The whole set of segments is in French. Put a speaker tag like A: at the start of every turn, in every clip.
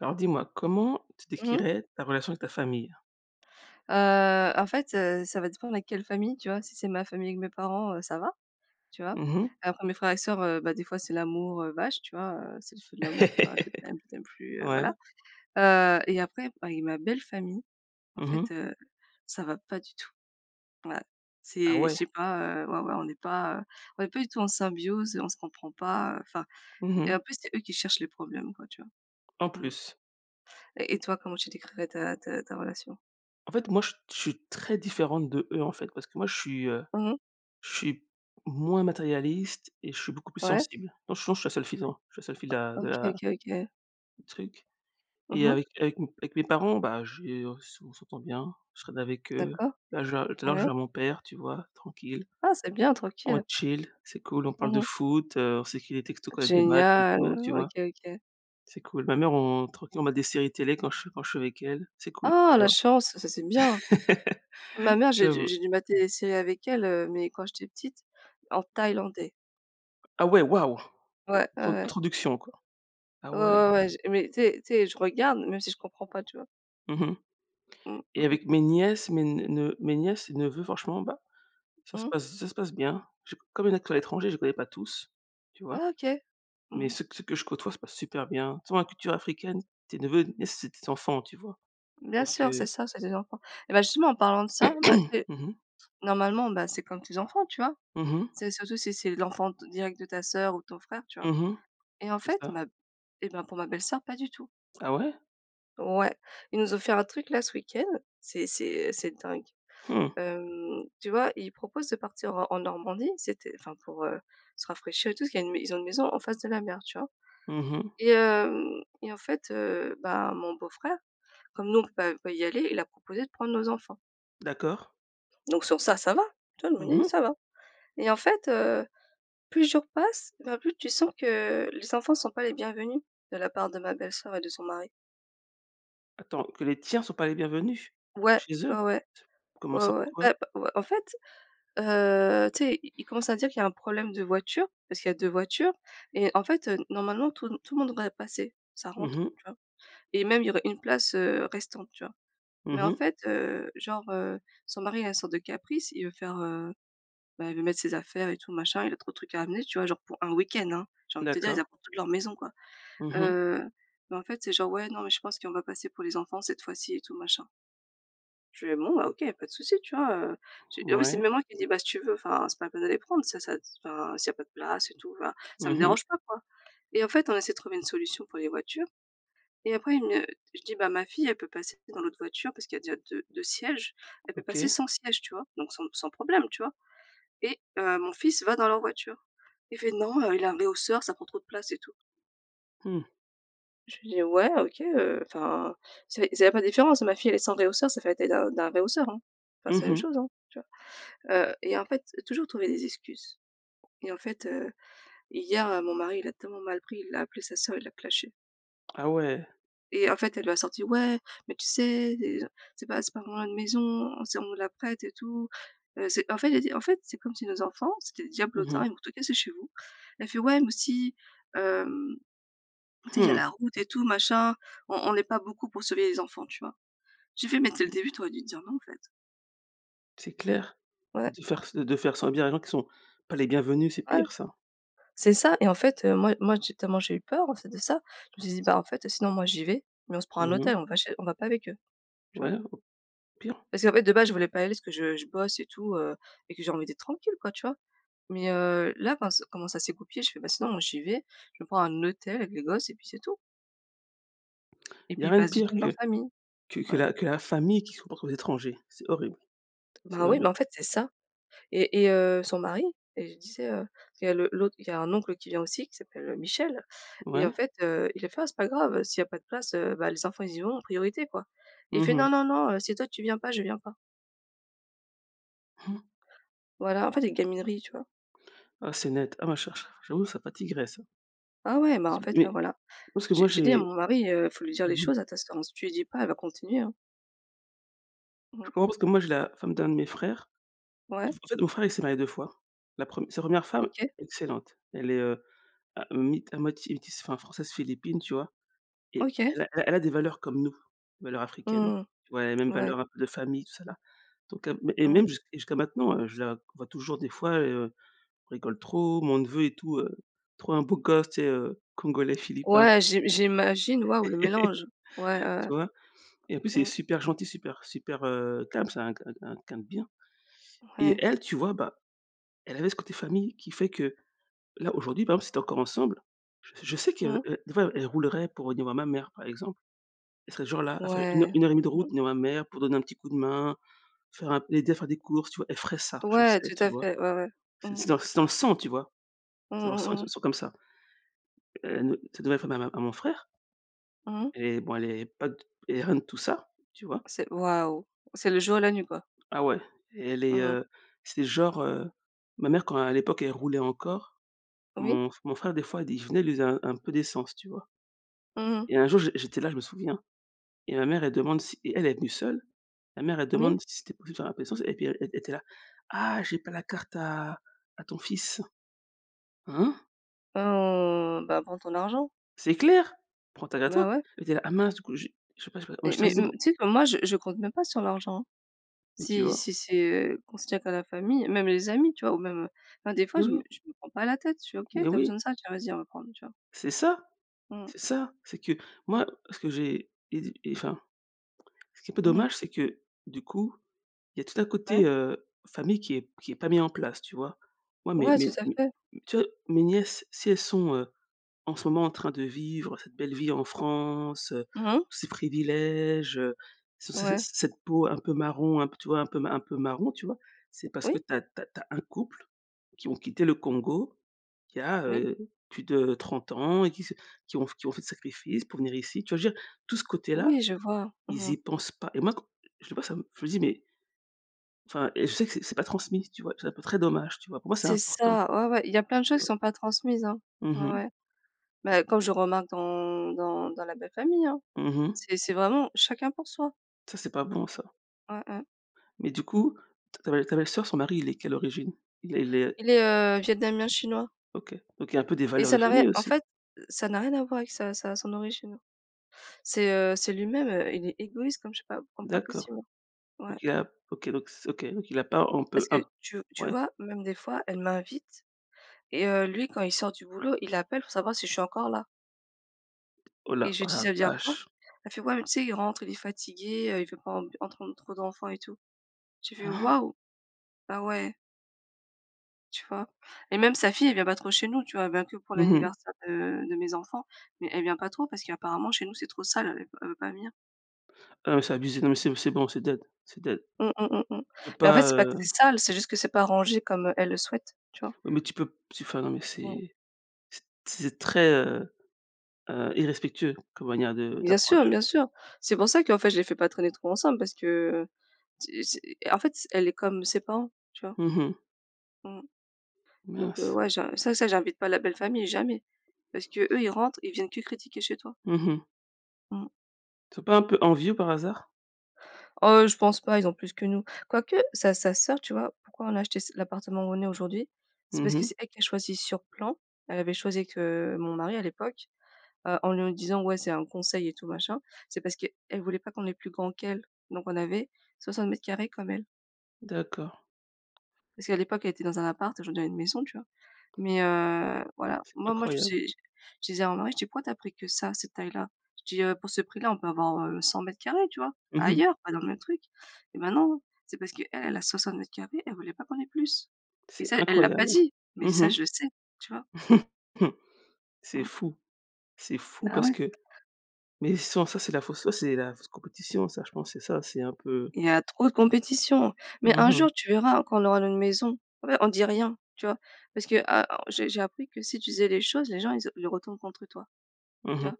A: Alors dis-moi comment tu
B: Mmh mh.
A: décrirais ta relation avec ta famille?
B: Heu, en fait, heu, ça va dépendre avec quelle famille, tu vois? Si c'est ma famille avec mes parents, heu, ça va, tu vois?
A: Mmh mh.
B: Après mes frères et sœurs, heu, bah, des fois, c'est l'amour, heu, vache, tu vois? Heu, c'est Les Feux de l'amour tu vois: «je t'aime, je t'aime plus» heu,
A: Ouais.
B: voilà. Heu et après, bah avec ma belle famille, en
A: Mmh
B: fait,
A: mh.
B: heu, ça va pas du tout. Voilà.
A: Ah
B: C'est je
A: ouais.
B: sais pas, heu ouais, ouais on n'est pas, heu, on n'est pas du tout en symbiose, on se comprend pas, heu, enfin
A: Mmh
B: et en
A: mh.
B: plus, c'est eux qui cherchent les problèmes, quoi, tu vois?
A: En
B: Mmh.
A: plus?
B: Et et toi comment tu décrirais ta ta ta relation?
A: En fait, moi, je suis je suis très différente d'eux, en fait parce que moi, je suis, heu,
B: Mmh mh.
A: je suis moins matérialiste et je suis beaucoup plus
B: Ouais.
A: sensible. Non sinon je suis la seule fille dans je suis seule fille de la
B: O
A: de
B: OK,
A: la
B: OK, OK.
A: du truc
B: Mmh
A: et
B: mh.
A: avec avec mes avec mes parents, bah j'ai on s'en on s'entend bien, je traîne avec eux.
B: D'accord,
A: Là, je vais, heu, tout à l'heure, je
B: ouais.
A: vais voir à mon père, tu vois, tranquille.
B: Ah, c'est bien!
A: On
B: Tranquille.
A: chill, c'est cool, on parle
B: Mmh
A: de
B: mh.
A: foot, heu, on s'écrit des textos quand il y a des matchs et
B: Génial,
A: tout, tu
B: OK,
A: vois?
B: OK!
A: C'est cool. Ma mère on tranquille, on mate des séries télé quand je suis quand je suis avec elle, c'est cool,
B: Ah
A: tu
B: la
A: vois?
B: chance, ça, c'est bien! Ma mère, j'ai dû
A: J'avoue.
B: j'ai dû mater des séries avec elle, heu, mais quand j'étais petite, en thaïlandais.
A: Ah ouais, waouh!
B: Ouais. Ouais,
A: Trop
B: ouais.
A: trop [unintelligible] quoi. Ah
B: Ouais,
A: ouais.
B: ouais, ouais. J mais tu sais tu sais, je regarde même si je comprends pas. Tu vois?
A: Mmh mh
B: Mmh. Mmh
A: et
B: mh.
A: avec mes nièces, mes ne ne mes nièces, neveux, franchement, bah ça se
B: Mhm.
A: passe z ça se passe bien. J'ai comme il y en a qui sont à
B: Ah.
A: l'étranger, je les connais pas tous, tu
B: Ouais,
A: vois?
B: OK!
A: Mais
B: Mmh mh.
A: ceux que ceux que je côtoie se passe super bien, toute façon la culture africaine t tes neveux et nièces, c'est tes enfants, tu vois?
B: Bien
A: Donc
B: sûr, c'est
A: heu
B: ça, c'est tes enfants et bah justement en parlant de ça, bah, tu
A: Mmh
B: sais
A: mh.
B: normalement bah, c'est comme tes enfants, tu vois?
A: Mmh mh.
B: C'est surtout, si c'est l'enfant d direct de ta sœur ou de ton frère, tu vois?
A: Mmh mh,
B: Et en
A: c'est
B: fait,
A: ça.
B: ma b et ben pour ma belle-sœur, pas du tout.
A: Ah ouais?
B: Ouais. Ils nous ont fait un truc là ce week-end. C'est c'est, heu, c'est dingue.
A: Mmh.
B: Hem, tu vois, ils proposent de partir en en Normandie, c'était enfin pour, heu, se rafraîchir et tout, parce qu'il y a ils ont une maison en face de la mer, tu vois?
A: Mmh mh.
B: Et hem et en fait, heu, bah, mon beau-frère comme nous on peut pas on peut pas y aller, il a proposé de prendre nos enfants
A: D'accord.
B: donc sur ça, ça va. Tu vois, je
A: Mmh
B: me dis:
A: mh.
B: «Ça va» et en fait, heu, plus les jours passent, ben plus tu sens que, les enfants sont pas les bienvenus, de la part de ma belle-sœur et de son mari.
A: Attends, que les tiens sont pas les bienvenus?
B: Ouais,
A: Chez
B: ouais,
A: eux?
B: ouais.
A: C comment
B: Ouais,
A: ça?
B: ouais ouais, bah,
A: Pourquoi?
B: b ouais, en fait, heu, tu sais, ils ils commencent à dire qu'il y a un problème de voiture, parce qu'il y a 2 voitures et en fait, heu, normalement tout tout le monde devrait passer, ça rentre,
A: Mmh mh.
B: tu vois? Et même il y aurait 1 place, heu, restante, tu vois? Mais
A: Mmh
B: en
A: mh.
B: fait, heu, genre, heu, son mari a une sorte de caprice, il veut faire, heu, bah, il veut mettre ses affaires et tout machin, il a trop de trucs à amener, tu vois? Genre pour 1 week-end, hein. J'ai envie de te dire ils
A: D'accord.
B: apportent toute leur maison, quoi,
A: Mmh mh.
B: heu, mais en fait c'est genre: «Ouais non mais je pense qu'on va pas assez pour les enfants cette fois-ci et tout machin». Je fais: «Bon bah OK, il y a pas de souci», tu vois? Heu, je en plus, c'est
A: Mouais.
B: même moi qui dis: «Bah, si tu veux enfin, c'est pas la peine de les prendre, c'est ça t enfin, s'il y a pas de place et tout enfin, ça me
A: Mmh mh.
B: dérange pas, quoi» et en fait, on essaie de trouver une solution pour les voitures et après, il me je dis: «Bah ma fille elle peut passer dans l'autre voiture, parce qu'il y a déjà deu deux sièges. Elle peut passer
A: OK.
B: sans siège, tu vois? Donc sans sans problème, tu vois? Et heu, mon fils va dans leur voiture. Il fait: «Non, heu, il a un rehausseur, ça prend trop de place et tout».
A: Mmh.
B: Je lui dis: «Ouais OK, heu, enfin, c'est c'est il y a pas de différence. Ma fille, elle est sans rehausseur, ça fait la taille d'un d'un rehausseur, hein. Bah, c'est
A: Mmh
B: la même
A: mh.
B: chose hein», tu vois? Heu et en fait toujours trouver des excuses et en fait, heu, hier, heu, mon mari il l'a tellement mal pris, il a appelé sa sœur, il l'a clashée.
A: Ah ouais.
B: Et en fait, elle lui a sorti: «Ouais, mais tu sais déjà, c'est pas c'est pas vraiment notre maison, c'est on nous la prête et tout. Heu, c'est» en fait, j'ai dit: «En fait, c'est comme si nos enfants, c'était des
A: Mmh
B: diablotins, ils
A: mh.
B: vont tout casser chez vous». Elle fait: «Ouais, mais aussi, hem, tu sais, il y a
A: Mmh!
B: la route et tout, machin. On on est pas beaucoup pour surveiller les enfants», tu vois? Je lui fais: «Mais dès le début, t'aurais dû dire non en fait».
A: C'est clair,
B: Ouais.
A: de faire s heu, de faire subir les gens qu'ils sont pas les bienvenus, c'est
B: Ouais.
A: pire ça.
B: C'est ça, et en fait, heu, moi moi, j'ai tellement j'ai eu peur, en fait, de ça. Je me suis dit: «Bah, en fait, sinon moi j'y vais, mais on se prend un
A: Mmh
B: hôtel,
A: mh.
B: on va chez on va pas avec eux». Tu vois?
A: Ouais, au pire.
B: Parce qu'en fait, de base je voulais pas aller parce que je je bosse et tout heu, et que j'ai envie d'être tranquille quoi, tu vois? Mais heu, là, enfin s comment ça s'est goupillé, je fais: «Bah, sinon moi j'y vais, je vais me prendre un hôtel avec les gosses et puis c'est tout». Et
A: Il y
B: puis
A: a
B: ils
A: rien de
B: passent du
A: pire
B: temps dans leur
A: que
B: famille.
A: que que
B: Ouais.
A: la que la famille qui se comporte en étranger, c'est horrible, c'est
B: Ben oui,
A: horrible.
B: bah, en fait, c'est ça, et et heu, son mari et je disais, heu, il y a le l'autre il y a un oncle qui vient aussi qui s'appelle, heu, Michel et en
A: Ouais.
B: fait, heu, il a fait: «Ah, c'est pas grave, heu, s'il y a pas de place, heu, bah, les enfants ils y vont en priorité, quoi» et il
A: Mmh
B: fait:
A: mh.
B: «Non, non, non, heu, si toi tu viens pas, je viens pas». Voilà, en fait, des gamineries, tu vois?
A: Ah, c'est net. Ah ma chère, ch j'avoue, ça fatiguerait, ça.
B: Ah ouais, bah en
A: Zou
B: fait, là
A: oui,
B: voilà.
A: parce que
B: J'ai
A: moi
B: j'ai dit à
A: j'ai
B: mon mari, heu: «Il faut lui dire les
A: mmh mh.
B: choses, à ta sœur, hein. Si tu lui dis pas, elle va continuer, hein». Mmh
A: Je
B: mh.
A: pense que moi, j'ai la femme d'un de mes frères en
B: Ouais.
A: en fait mon frère, il s'est marié 2 fois, la prem sa 1re femme
B: OK.
A: excellente, elle est, heu, à mi à moitié métisse enfin, Française-Philippine, tu vois? Et
B: OK.
A: elle a el elle a des valeurs comme nous, valeurs
B: Mmh,
A: africaines,
B: mmh,
A: tu vois, elle a les mêmes
B: mmh, ouais.
A: valeurs un peu de famille, tout ça, là, donc, heu et
B: Mmh.
A: même jusque et jusqu'à maintenant, heu, je la vois toujours des fois, et heu, rigole trop, mon neveu et tout, heu, trop un beau gosse tu sais, heu, Congolais-Philippin, tu
B: Ouais,
A: vois?
B: j'i j'imagine, waouh le mélange. Ouais, ouais,
A: Tu vois? Et en plus
B: ouais
A: il est
B: Mmh.
A: super gentil, super super, heu, calme c'est un q un q un q quelqu'un de bien, et
B: Ouais.
A: elle, tu vois, bah elle avait ce côté famille qui fait que, là, aujourd'hui, par exemple, s'ils étaient encore ensemble, je sais que, heu
B: Mmh.
A: heu, des fois, elle roulerait pour venir voir ma mère, par exemple, elle serait genre là, à faire 1 heur
B: Ouais,
A: 1 heure et 1/2 de route
B: mmh.
A: voir ma mère, pour donner un petit coup de main, faire un l'aider à faire des courses, tu vois? Elle ferait ça, je le
B: Ouais,
A: sais,
B: tout
A: tu
B: à
A: vois?
B: fait, ouais, ouais,
A: C'est
B: mmh mh.
A: c'est dans c'est dans le sang tu vois?
B: Mmh
A: C'est dans le
B: mh,
A: sang, ils
B: mmh
A: sont
B: mh.
A: ils sont comme ça. Heu, ne sa nouvelle femme à ma à mon frère
B: Mmh mh.
A: elle est bon, elle est pas d elle est rien de tout ça, tu vois?
B: C'est waouh, c'est le jour et la nuit, quoi.
A: Ah ouais, elle est,
B: Mmh mh.
A: heu, c'est genre, heu, ma mère quand à l'époque, elle roulait encore,
B: Oui.
A: mon f mon frère des fois, il dit: «Venez», il lui faisait un peu d'essence, tu vois?
B: Mmh mh.
A: Et un jour, j j'étais là, je me souviens, et ma mère, elle demande si et elle est venue seule, ma mère, elle
B: Oui.
A: demande si c'était possible de faire un peu l'essence et puis e e elle était là: «Ah, j'ai pas la carte à à ton fils». Hein?
B: Mmh, bah, prends ton argent.
A: C'est clair, prend t elle à toi,
B: Bah, ouais.
A: elle était là: «Ah mince du coup, j'ai je sais pas, moi,
B: Mais
A: j'étais à
B: mais m
A: 0».
B: tu sais que moi, je je compte même pas sur l'argent, hein.
A: Et tu
B: Si
A: vois?
B: si c'est, heu, qu'on se tient qu'à la famille, même les amis, tu vois, ou même, heu ben des fois
A: Oui,
B: je me
A: oui.
B: je me prends pas la tête, je fais: «OK,
A: Mais
B: tu as
A: oui.
B: besoin de ça? Tiens, vas-y, on va prendre». Tu vois?
A: C'est ça!
B: Mmh mh.
A: C'est ça, c'est que moi, ce que j'ai et de et enfin ce qui est un peu
B: Mmh mh.
A: dommage, c'est que, du coup, il y a tout un
B: Ouais.
A: côté, heu, famille qui est qui est pas mis en place, tu vois? Ouais, mais
B: Ouais, tout
A: mais
B: à
A: mais,
B: fait!
A: tu vois, mes nièces si elles sont, heu, en ce moment en train de vivre cette belle vie en France, heu,
B: Mmh mh.
A: ces privilèges, ce ce cett
B: Ouais.
A: cette peau un peu marron, un peu, tu vois, un peu un peu marron, tu vois, c'est parce que
B: Oui.
A: tu as tu as tu as un couple qui ont quitté le Congo qui a,
B: Oui.
A: heu, plus de 30 ans et qui se qui ont qui ont fait des sacrifices pour venir ici, tu vois? Je veux dire, tout ce côté-là,
B: Oui, je vois.
A: ils
B: Mmh mh.
A: y pensent pas et moi qu je sais pas, ça me je me dis mais enfin et je sais que c'est c'est pas transmis, tu vois? C'est un peu très dommage, tu vois? Pour moi, c'est
B: C'est
A: important,
B: ça! Ouais, ouais, il y a plein de
A: tu
B: choses qui
A: vois?
B: sont pas transmises, hein.
A: Mmh
B: Ouais,
A: mh
B: ouais. Mais
A: [unintelligible]
B: comme je remarque dans dans dans la belle-famille, hein.
A: Mmh mh.
B: C'est c'est vraiment chacun pour soi.
A: Ça, c'est pas bon ça.
B: Ouais, ouais.
A: Mais du coup t ta belle ta belle-soeur son mari il est de quelle origine? Il est il est
B: Il est, heu, Vietnamien-Chinois.
A: OK, donc il a un peu des
B: Et
A: valeurs de
B: ça n'a rien
A: famille
B: en
A: aussi?
B: fait, heu, ça n'a rien à voir avec sa sa son origine. C'est, heu, c'est lui-même, heu, il est égoïste comme je sais pas p comme pas
A: D'accord.
B: possible. Ouais.
A: OK, ap OK, donc c OK, donc il a pas en peu
B: Parce que
A: un p
B: tu v tu
A: ouais.
B: vois même des fois elle m'invite et heu, lui quand il sort du boulot, il appelle pour savoir si je suis encore là.
A: Oh la
B: Et je
A: oh
B: dis:
A: la
B: «Ça veut dire
A: vache!
B: quoi?» elle fait: «Ouais mais tu sais il rentre, il est fatigué, heu, il veut pas ent entendre trop d'enfants et tout». J'ai fait: «Waouh! Ah ouais». Tu vois? Et même sa fille, elle vient pas trop chez nous, tu vois? Elle vient que pour
A: Mmh mh.
B: l'anniversaire de de mes enfants, mais elle vient pas trop parce qu'apparemment chez nous, c'est trop sale, elle est pa elle veut pas venir.
A: Ah oui, c'est abusé. Non mais c'est b c'est bon, c'est dead, c'est dead.
B: Mmh, mmh, mmh, mmh.
A: Tu peux
B: Mais en fait
A: pas,
B: c'est pas que
A: heu
B: c'est sale, c'est juste que c'est pas rangé comme elle le souhaite, tu vois?
A: oui mais tu peux p tu enfin, non mais
B: Mmh.
A: c'est c'est t c'est très, heu heu, irrespectueux comme manière de
B: Bien sûr,
A: d'approche.
B: bien sûr. C'est pour ça qu'en fait je les fais pas traîner trop ensemble parce que, heu, c'est c'est en fait, c'est elle est comme ses parents, tu vois?
A: Mmh mh.
B: Mmh. Donc, heu,
A: Mince.
B: ouais, ja ça ça j'invite pas la belle famille, jamais parce qu'eux, ils rentrent, ils viennent que critiquer chez toi.
A: Mmh mh.
B: Mmh.
A: Ils sont pas un peu envieux, par hasard?
B: Oh je pense pas. Ils ont plus que nous, quoique sa sa soeur, tu vois? Pourquoi on a acheté s l'appartement où on est aujourd'hui? C'est
A: Mmh
B: parce que
A: mh.
B: c'est elle qui a choisi sur plan. Elle avait choisi avec, heu, mon mari, à l'époque, heu, en nous disant: «Ouais, c'est un conseil et tout, machin», c'est parce qu'elle voulait pas qu'on ait plus grand qu'elle, donc on avait 60 m² comme elle
A: D'accord.
B: parce qu'à l'époque, elle était dans un appart. Aujourd'hui elle a une maison, tu vois? Mais, heu, voilà,
A: C'est
B: moi moi, je
A: incroyable.
B: suis j je disais à mon mari: «Tu pourquoi tu as pris que ça, cette taille-là?» Je dis: «Heu, pour ce prix-là, on peut avoir, heu, 100 m², tu vois?
A: Mmh mh.
B: Ailleurs, pas dans le même truc» et maintenant, c'est parce qu'elle, elle a 60 m². Elle voulait pas qu'on ait plus et
A: C'est
B: ça, elle l'a pas
A: incroyable.
B: dit, mais ça,
A: Mmh
B: je le sais. Tu vois?
A: mh. C'est
B: Mmh.
A: fou, c'est fou
B: Bah,
A: parce
B: ouais.
A: que mais, sans c'est de la fausse ouais, c'est la fausse compétition, ça, je pense c'est ça, c'est un peu
B: Il y a trop de compétition mais
A: Mmh
B: un jour,
A: mh.
B: tu verras, quand on aura notre maison. En fait, on dit rien. Tu vois? Parce que ah oh j'ai j'ai appris que si tu disais les choses, les gens, ils ont ils retournent contre toi.
A: Mmh
B: Tu
A: mh.
B: vois?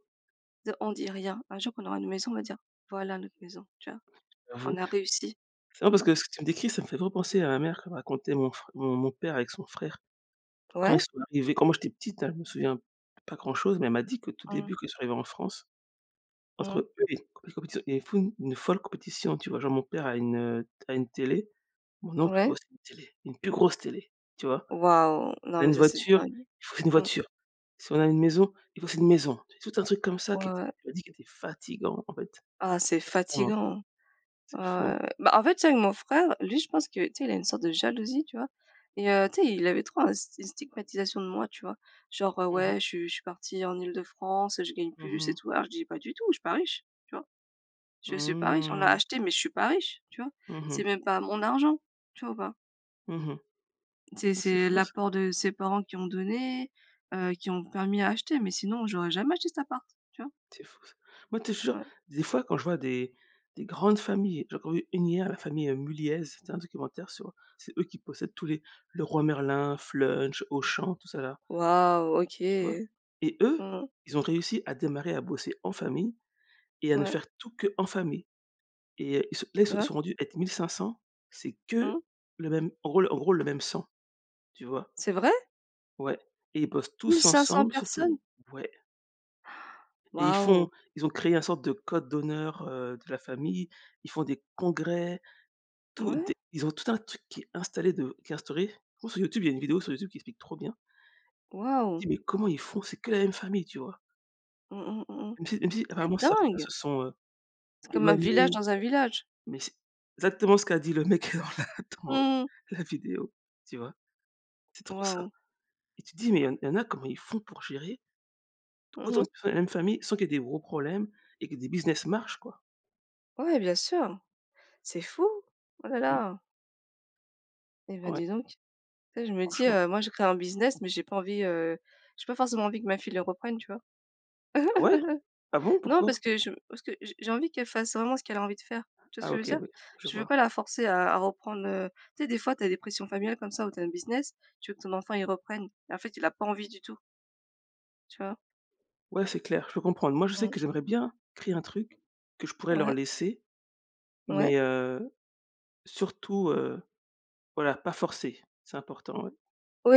B: Dire on dit rien. Un jour, quand on aura une maison, on va dire: «Voilà notre maison». Tu vois? On
A: J'avoue.
B: a réussi.
A: C'est marrant parce
B: Mmh.
A: que ce que tu me décris, ça me fait trop penser à ma mère quand elle me racontait mon frè mon mon père avec son frère. Quand ils
B: Ouais.
A: sont arrivés, quand moi, j'étais petite, hein, je me souviens pas grand-chose, mais elle m'a dit qu'au tout
B: Mmh.
A: début, quand ils sont arrivés en France,
B: Mmh
A: entre
B: mh.
A: eux, compé compétition ils font une folle compétition. Tu vois? Genre, mon père a une, heu, à une télé, mon oncle veut
B: Ouais.
A: aussi une télé, une plus grosse télé. Tu vois?
B: Waouh!
A: On
B: Non,
A: a
B: mais
A: une
B: ça, c'est
A: voiture,
B: dingue.
A: il faut une
B: Mmh.
A: voiture, si on a une maison, il faut aussi une maison, t tout un truc comme ça qui
B: Ouais,
A: était
B: ouais.
A: elle m'a dit qu'il était fatiguant, en fait.
B: Ah c'est
A: Extrêmement.
B: fatiguant,
A: C'est fou.
B: ah ouais, ouais. Bah, en fait, tu sais, avec mon frère, lui, je pense que, tu sais, il a une sorte de jalousie, tu vois? Et heu, tu sais, il avait trop un s une stigmatisation de moi. Tu vois? Genre, heu,
A: Mmh mh.
B: ouais, je suis je suis partie en Île-de-France. Je gagne
A: Mmh
B: plus et
A: mh.
B: tout. Alors, je dis: «Pas du tout, je suis pas riche». Tu vois? Je suis pas riche, on a
A: Mmh.
B: acheté, mais je suis pas riche, tu vois?
A: Mmh
B: C'est
A: mh.
B: même pas mon argent. Tu vois ou pas?
A: Mmh mh.
B: C'est
A: Ah c'est
B: c'est
A: fou ça.
B: l'apport de ses parents qui ont donné, heu, qui ont permis à acheter, mais sinon j'aurais jamais acheté cet appart, tu vois?
A: C'est fou ça. Moi tu sais, je te jure.
B: Ouais.
A: Des fois quand je vois des des grandes familles, j'ai encore vu une hier, la famille Mulliez, c'était un documentaire sur c'est eux qui possèdent tous les, Leroy Merlin, Flunch, Auchan, tout ça là
B: Waouh, OK.
A: tu vois? Et
B: Mmh
A: eux,
B: mh.
A: ils ont réussi à démarrer, à bosser en famille et à ne
B: Ouais.
A: faire tout qu'en famille et heu, ils se là ils
B: Tu
A: se
B: vois?
A: sont rendus à être 1500 c'est que
B: Mmh.
A: le même rôle, en gros le même sang, tu vois?
B: C'est vrai?
A: Ouais. Et ils bossent tous
B: 1500
A: ensemble surtout.
B: personnes!
A: Ouais et ils font
B: Waouh!
A: ils ont créé un sorte de code d'honneur, heu, de la famille. Ils font des congrès. Tout
B: Ouais.
A: des ils ont tout un truc qui est installé de, qui est instauré. En gros sur YouTube, il y a une vidéo sur YouTube qui explique trop bien me
B: Waouh.
A: dis: «Mais comment ils font?». C'est que la même famille, tu vois?
B: Mmh mh, mmh mh.
A: Même si, même si,
B: C'est
A: apparemment certains
B: dingue!
A: se sont, heu,
B: C'est comme un
A: éloignés
B: village,
A: et tout
B: dans
A: ça.
B: un village.
A: Mais c'est, exactement ce qu'a dit le mec dans la dans
B: Mmh mh.
A: la vidéo, tu vois? C'est trop ça.
B: Waouh!
A: Et tu te dis: «Mais heu, il y en a comment ils font pour gérer»
B: Mmh
A: «autant
B: mh.
A: de fe la même famille, sans qu'il y ait des gros problèmes, et que des business marchent quoi?»
B: Ouais, bien sûr. C'est fou, oh là
A: Mmh.
B: là! Et ben,
A: Ouais.
B: dis donc, tu sais, je me dis:
A: Franchement.
B: «Heu, moi je créé un business, mais j'ai pas envie heu, j'ai pas forcément envie que ma fille le reprenne» tu vois?
A: Ah ouais? Ah bon,
B: Non
A: pourquoi?
B: parce que je parce que j'ai j'ai envie qu'elle fasse vraiment ce qu'elle a envie de faire, tu vois ce
A: Ah
B: que je veux
A: OK,
B: dire?
A: oui. Je
B: Je veux
A: vois.
B: pas la forcer à à reprendre, heu, tu sais des fois tu as des pressions familiales comme ça où tu as un business, tu veux que ton enfant il reprenne et en fait il a pas envie du tout tu vois?
A: Ouais, c'est clair, je peux comprendre, moi je sais
B: Mhm.
A: que j'aimerais bien créer un truc que je pourrais leur
B: Ouais.
A: laisser.
B: Ouais.
A: Mais, heu, surtout, heu, voilà, pas forcer, c'est important, ouais,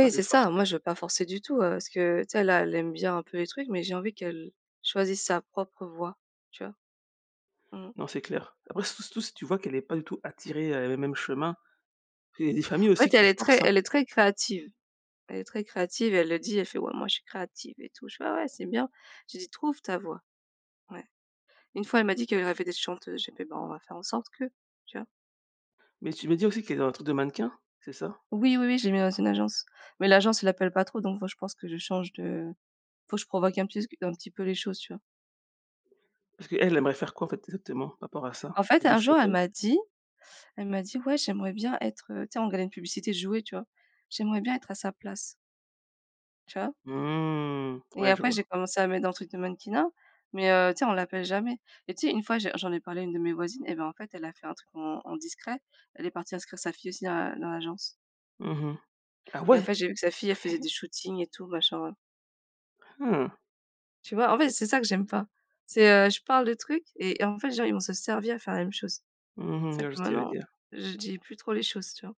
A: pas les
B: c'est ça!
A: forcer.
B: Moi je veux pas forcer du tout, heu, parce que tu sais là, elle aime bien un peu les trucs, mais j'ai envie qu'elle choisisse sa propre voix, tu vois? Mhm.
A: Non, c'est clair, après surtout surtout si tu vois qu'elle est pas du tout attirée heu, le même chemin, parce que il y a des familles
B: En
A: aussi
B: fait elle
A: qui
B: est très
A: forcent, hein.
B: elle est très créative, elle est très créative et elle le dit, elle fait: «Ouais moi je suis créative et tout» je fais: «Ah ouais c'est bien» je lui dit: «Trouve ta voix». Ouais, une fois elle m'a dit qu'elle rêvait d'être chanteuse, j'ai fait: «Ben, on va faire en sorte que» tu vois?
A: Mais tu me dis aussi qu'elle est dans un truc de mannequin, c'est ça?
B: Oui, oui, oui, j'ai mes réseaux d'agence, mais l'agence elle appelle pas trop, donc faut je pense que je change de faut que je provoque un petit s q un petit peu les choses, tu vois?
A: Parce qu'elle aimerait faire quoi en fait exactement par rapport à ça?
B: En
A: Des
B: fait,
A: espèces
B: un
A: de
B: jour elle
A: photos?
B: m'a dit elle m'a dit: «Ouais, j'aimerais bien être, heu» tu sais, on regardait une publicité de jouets tu vois: «J'aimerais bien être à sa place». Tu vois?
A: Mmh,
B: Et
A: ouais, je
B: après j'ai
A: vois.
B: commencé à mettre dans le truc de mannequinat, mais heu, tu sais, on l'appelle jamais et tu sais 1 fois j'ai j'en ai parlé à une de mes voisines et ben, en fait elle a fait un truc en en discret, elle est partie inscrire sa fille aussi à dans l'agence.
A: Mmh mh, ah
B: Et en
A: ouais?
B: fait, j'ai vu que sa fille, elle faisait des shootings et tout machin.
A: Hein!
B: Tu vois? En fait, c'est ça que j'aime pas. C'est, heu, je parle de trucs et en fait, les gens, ils vont se servir et faire la même chose.
A: Mmh mh,
B: C'est
A: je
B: pour ça
A: vois
B: que
A: ce que tu veux
B: maintenant,
A: dire.
B: je dis plus trop les choses, tu vois?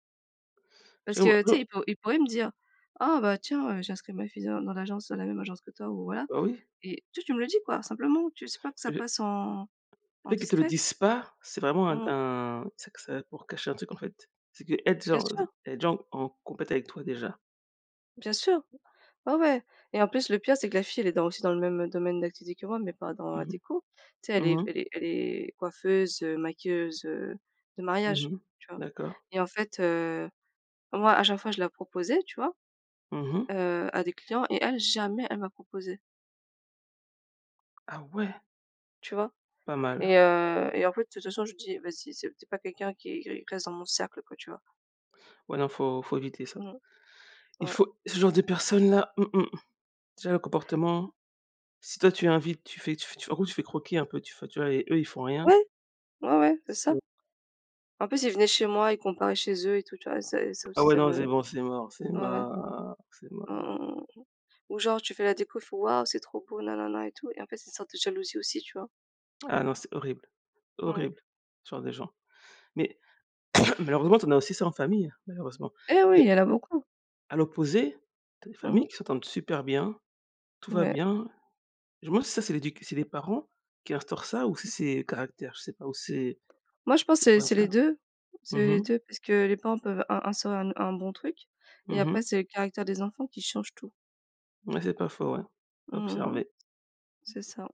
A: Je
B: Parce
A: vois
B: que,
A: je
B: tu
A: vois.
B: sais ils pour ils pourraient me dire: «Ah bah, tiens, heu, j'ai inscrit ma fille dans dans l'agence dans la même agence que toi» ou voilà,
A: Bah, oui.
B: et juste tu me le dis quoi, simplement tu s pas, que
A: Heu
B: ça
A: le
B: passe en en
A: fait qu'elle te le
B: discret.
A: dise pas c'est vraiment un
B: Mmh mh.
A: un tu sais que c'est pour cacher un truc en fait. C'est qu'elle
B: Bien
A: déjà
B: sûr!
A: elle est déjà en en compète avec toi déjà.
B: Bien sûr. Ouais, ouais et en plus, le pire, c'est que la fille, elle est dans aussi dans le même domaine d'activité que moi mais pas dans la
A: Mmh
B: déco. Tu sais
A: mh,
B: elle est
A: mmh mh.
B: elle est elle est coiffeuse, heu, maquilleuse, heu, de
A: Mmh
B: mariage,
A: mh,
B: tu vois?
A: d'accord.
B: Et en fait, heu, moi, à chaque fois je la proposais, tu vois?
A: Mmh mh.
B: Heu, à des clients et elle jamais, elle m'a proposée.
A: Ah ouais!
B: Tu vois?
A: Pas mal.
B: Et heu, et en fait, de toute façon, je dis: «Vas-y, c'est tu es pas quelqu'un qui qui reste dans mon cercle, quoi». Tu vois?
A: Ouais, non, faut faut éviter ça.
B: Mmh.
A: Il
B: Ouais.
A: faut ce genre de personne là, mmh mh, déjà le comportement si toi, tu invites, tu fais tu fais en gros, tu fais croquer un peu, tu f tu vois et eux, ils font rien.
B: Ouais, ouais, ouais, c'est
A: C'est
B: ça.
A: c'est
B: En plus, ils venaient chez moi, ils comparaient chez eux et tout, tu vois? Et c'est et ça
A: Ah
B: aussi,
A: ouais,
B: ça
A: non,
B: me
A: c'est
B: ouais,
A: bon, c'est mort, c'est
B: ouais.
A: mort, c'est
B: Mmh mh,
A: mort.
B: mmh mh, mmh ou genre tu fais la déco, ils font: «Waouh c'est trop beau na, na, na», et tout, et en fait, c'est une sorte de jalousie, aussi. Tu vois?
A: Ah non, c'est horrible,
B: Ouais.
A: horrible, ce genre de gens, mais malheureusement, tu en as aussi, ça, en famille, malheureusement
B: Eh oui, il
A: et
B: y en a beaucoup.
A: à l'opposé, tu as des
B: Mmh
A: familles
B: mh.
A: qui s'entendent super bien. Tout va
B: Ouais.
A: bien. Je me demande si ça, c'est l'éduc c'est les parents qui instaurent ça ou si c'est caractères, je sais pas ou c'est
B: Moi, je pense,
A: c'est
B: c'est
A: quoi,
B: c'est
A: ça?
B: les 2, c'est
A: Mmh
B: les
A: mh.
B: 2 parce que les parents peuvent in instaurer un un bon truc et
A: Mmh
B: après,
A: mh.
B: c'est le caractère des enfants qui change tout.
A: Mouais, c'est pas faux, ouais,
B: Mmh,
A: à
B: mmh mh.
A: observer.
B: C'est ça.